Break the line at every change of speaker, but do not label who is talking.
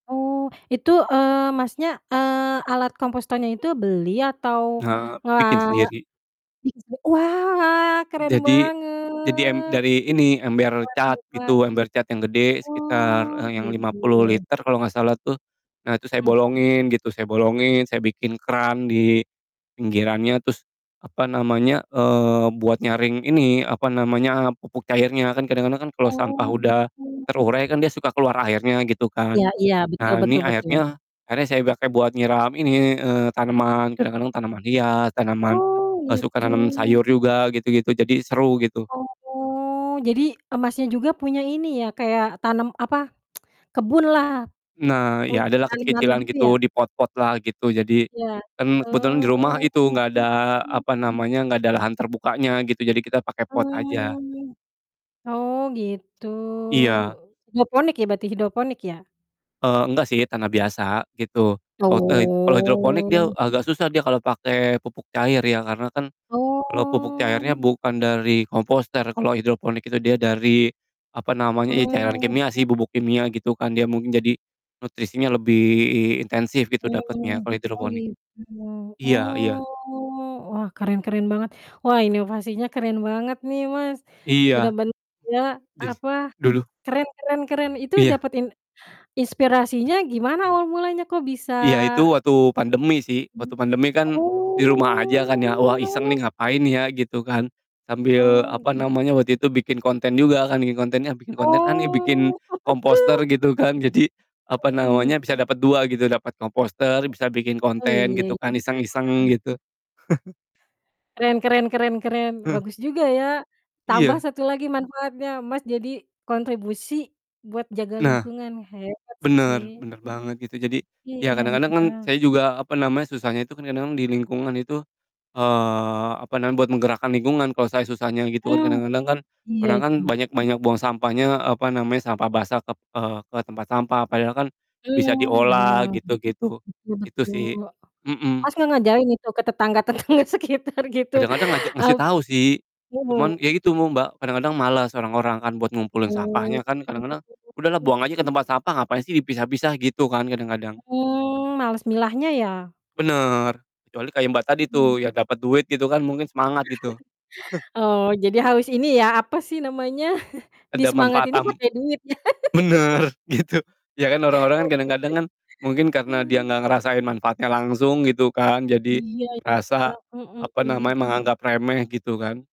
Oh, itu, eee, Masnya, eee, alat komposternya itu beli atau
Eee,
ngela
bikin sendiri.
bikin se wah! Keren
Jadi jadi em
banget!
dari ini ember
Hebat
cat
hebat.
gitu, ember cat yang gede, sekitar,
Oh,
eee, yang 50
gitu.
liter kalo gak salah tuh, nah, itu saya
Mhm.
bolongin gitu, saya bolongin, saya bikin keran di pinggirannya, terus, apa namanya, eee, buat nyaring ini, apa namanya, eee, pupuk cairnya. Kan kadang-kadang kan kalo sampah
Oh,
udah
kayak
terurai kan dia
gitu.
suka keluar airnya, gitu kan,
Iya iya, betul
nah ini
betul betul.
airnya airnya saya pake buat nyiram ini, eee, tanaman, kadang-kadang tanaman hias, tanaman,
Oh,
e suka
gitu.
nanem sayur juga, gitu-gitu, jadi seru, gitu.
Oh, jadi, e Masnya juga punya ini ya, kayak tanam apa, kebunlah?
Nah,
Puny
iya, adalah
tanam-tanam
kecil-kecilan
gitu ya?
gitu, di pot-potlah gitu. Jadi,
Ya.
kan kebetulan
Oh.
di rumah itu gak ada apa namanya, gak ada lahan terbukanya gitu, jadi kita pake pot aja.
Oh. Oh, gitu.
Iya.
Hidroponik ya, berarti hidroponik ya?
Eee, enggak sih, tanah biasa, gitu. Kalo te kalo hidroponik dia
Oh.
agak susah dia kalo pake pupuk cair ya, karena kan kalo pupuk cairnya
Oh.
bukan dari komposter, kalo hidroponik itu dia dari, apa namanya, ya cairan
Mmm.
kimia sih, bubuk kimia gitu kan, dia mungkin jadi nutrisinya lebih i intensif gitu dapetnya,
Oh,
kalo
oh
hidroponik.
gitu.
Iya iya.
Oh, wah, keren keren banget. Wah, inovasinya keren banget nih, Mas.
Iya.
Bener-bener dia,
Daris
apa
dulu.
keren keren keren. Itu
Iya.
dapet in inspirasinya gimana awal mulanya? Kok bisa
Iya, itu waktu pandemi sih, waktu
Mmm,
pandemi kan di rumah aja kan ya, "Wah iseng
oh.
nih, ngapain ya?" Gitu kan. Sambil,
Oh,
apa namanya, waktu
gitu.
itu bikin konten juga, kan bikin kontennya, bikin konten ah, nih, bikin
Oh.
komposter gitu kan, jadi, apa
Oh, i
namanya, bisa dapet 2 gitu, dapet komposter, bisa bikin
Oh, iya
konten,
iya,
gitu kan, iseng-iseng
heeh.
gitu.
Keren keren keren keren,
Heeh.
bagus juga ya. Tambah
Iya.
1 lagi manfaatnya, Mas jadi kontribusi buat jaga
Nah.
lingkungan, hebat
Bener
sih.
bener banget gitu. Jadi,
Iya
ya kadang-kadang kan
iya.
saya juga, apa namanya, susahnya itu kan kadang-kadang di lingkungan itu, eee, apa namanya, buat menggerakkan lingkungan kalo saya susahnya, gitu kan.
Mmm,
Kadang-kadang kan
iya,
orang kan
itu.
banyak banyak buang sampahnya, apa namanya, sampah basah kep eee, ke tempat sampah, padahal kan bisa
Mmm,
diolah,
benar.
gitu-gitu.
Betul
Itu
betul.
sih, mhm.
Mas enggak ngajarin itu? Ke tetangga-tetangga sekitar gitu,
Kadang-kadang ngaja ngasih
ap
tau sih, cuman
mhm.
ya gitu mum Mbak, kadang-kadang males orang-orang kan buat ngumpulin
Oh.
sampahnya, kan kadang-kadang, "Udahlah buang aja ke tempat sampah, ngapain sih dipisah-pisah?" Gitu kan, kadang-kadang?
Mmm, males milahnya ya?
Bener, kecuali kayak Mbak tadi
Mhm.
tuh, ya dapet duit gitu kan mungkin semangat gitu.
Oh, jadi harus ini ya, apa sih namanya,
Ada manfaat
disemangatinnya
tamb
pakai duit ya?
bener! Gitu. Ya kan, orang-orang kan kadang-kadang kan mungkin karena dia
Aduh.
gak ngerasain manfaatnya langsung gitu kan, jadi
Iya iya.
rasa apa
Mhm.
namanya, menganggap remeh, gitu kan.